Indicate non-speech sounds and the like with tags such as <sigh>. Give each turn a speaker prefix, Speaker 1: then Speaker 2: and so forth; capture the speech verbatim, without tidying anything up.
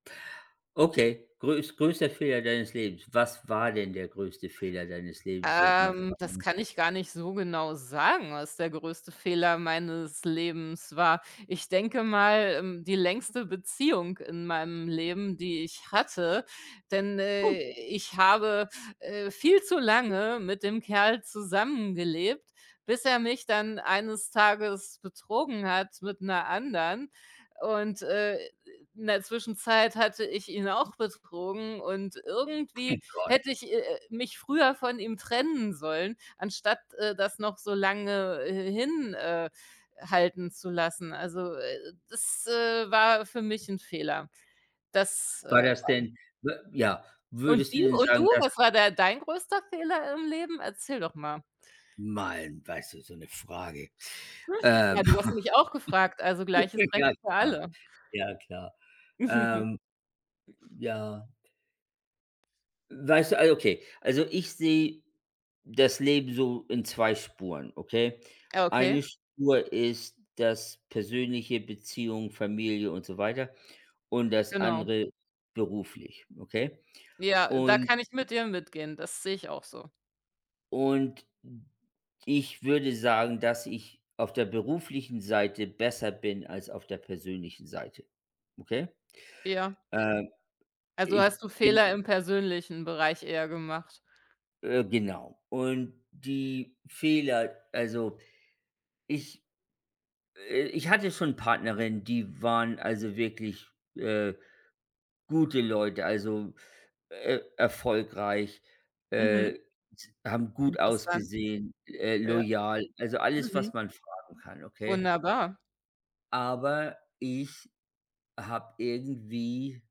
Speaker 1: Okay, größ größter Fehler deines Lebens. Was war denn der größte Fehler deines Lebens, wenn ich mal
Speaker 2: Ähm, das
Speaker 1: fragen
Speaker 2: kann ich gar nicht so genau sagen, was der größte Fehler meines Lebens war. Ich denke mal, mm, die längste Beziehung in meinem Leben, die ich hatte, denn, äh, ich habe, äh, viel zu lange mit dem Kerl zusammengelebt, bis er mich dann eines Tages betrogen hat mit 'ner anderen. Und, äh, in der Zwischenzeit hatte ich ihn auch betrogen und irgendwie
Speaker 1: <chuckles> Gott.
Speaker 2: hätte ich, äh, äh, mich früher von ihm trennen sollen, anstatt, äh, das noch so lange hin äh, halten zu lassen. Also, äh, das, äh, war für mich 'n Fehler. Das,
Speaker 1: War
Speaker 2: äh,
Speaker 1: das
Speaker 2: <unintelligible>
Speaker 1: denn, w ja,
Speaker 2: Und
Speaker 1: würdest du
Speaker 2: die
Speaker 1: denn
Speaker 2: und du,
Speaker 1: sagen, dass
Speaker 2: was war de dein größter Fehler im Leben? Erzähl doch mal.
Speaker 1: Man, weißt du, so 'ne Frage,
Speaker 2: <chuckles>
Speaker 1: ähm.
Speaker 2: Ja, du hast mich auch gefragt,
Speaker 1: <chuckles>
Speaker 2: also, gleiches Recht
Speaker 1: Ja,
Speaker 2: für
Speaker 1: klar.
Speaker 2: alle.
Speaker 1: Ja, klar,
Speaker 2: <chuckles>
Speaker 1: ähm. Ja. Weißt du Also, okay. Also, ich sehe das Leben so in zwei Spuren, okay?
Speaker 2: Äh, okay.
Speaker 1: Eine Spur ist das Persönliche, Beziehung, Familie und so weiter und das
Speaker 2: Genau.
Speaker 1: andere beruflich, okay?
Speaker 2: Ja, da
Speaker 1: Und
Speaker 2: kann ich mit dir mitgehen, das sehe ich auch so.
Speaker 1: und ich würde sagen, dass ich auf der beruflichen Seite besser bin als auf der persönlichen Seite, okay?
Speaker 2: Ja.
Speaker 1: Ähm,
Speaker 2: Also,
Speaker 1: ich
Speaker 2: hast du
Speaker 1: bin
Speaker 2: Fehler im persönlichen Bereich eher gemacht?
Speaker 1: Äh, genau. Und die Fehler also, ich, äh ich hatte schon Partnerinnen, die waren, also, wirklich, äh, gute Leute. Also, e erfolgreich,
Speaker 2: Mhm.
Speaker 1: äh, s haben gut
Speaker 2: Interessant.
Speaker 1: ausgesehen, äh,
Speaker 2: Ja.
Speaker 1: loyal, also, alles,
Speaker 2: Mhm.
Speaker 1: was man fragen kann, okay?
Speaker 2: Wunderbar.
Speaker 1: Aber ich habe irgendwie